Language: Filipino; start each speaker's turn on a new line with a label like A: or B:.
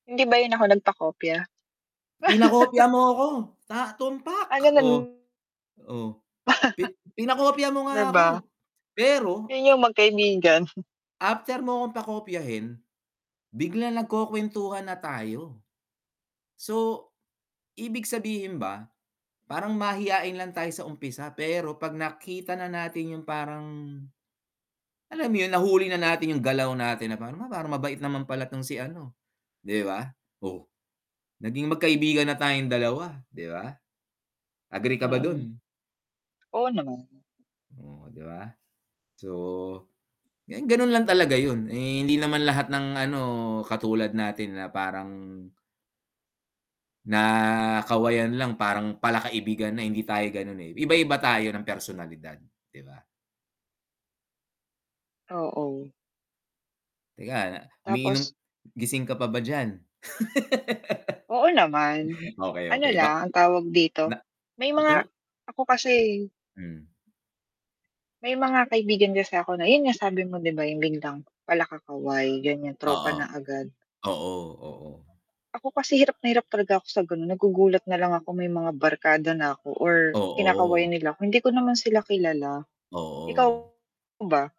A: Hindi ba yun ako nagpakopya?
B: Pinakopya mo ako, sa
A: Ano
B: tumpak, oh
A: nun.
B: oh, pin pinakopya mo
A: Di
B: nga
A: ba?
B: ako, pero
A: Yun yung magkaibigan.
B: After mo akong pakopyahin, biglang nagkukuwentuhan na tayo, so ibig sabihin ba parang mahiyain lang tayo sa umpisa, pero pag nakita na natin yung parang, alam mo yun nahuli na natin yung galaw natin na parang parang mabait naman pala tong si ano, 'di ba? Oh, naging magkaibigan na tayong dalawa 'di ba? Agree ka ba
A: Mm.
B: dun?
A: Oo naman.
B: Oh, 'di ba, so ganun lang talaga yun, eh, hindi naman lahat ng, ano, katulad natin na parang na kawayan lang parang pala-kaibigan na, hindi tayo ganon, eh, iba-iba tayo ng personalidad 'di ba?
A: Oo.
B: Teka, umiinom
A: Tapos
B: gising ka pa ba diyan?
A: Oo naman,
B: Okey,
A: ano
B: okey ba.
A: lang, ang tawag dito,
B: Na
A: may
B: 'wag kang.
A: mga ako kasi
B: Mhm.
A: may mga kaibigan kasi ako, na yun nga, sabi mo 'di ba, yung biglang, pala kakaway ganyan tropa
B: Oo,
A: na agad.
B: oo, oo.
A: Ako kasi hirap na hirap talaga ako sa ganon, nagugulat nalang ako may mga barkada na ako or kinakawayan
B: Oo.
A: nila ako, hindi ko naman sila kilala, ikaw
B: Oo.
A: ba?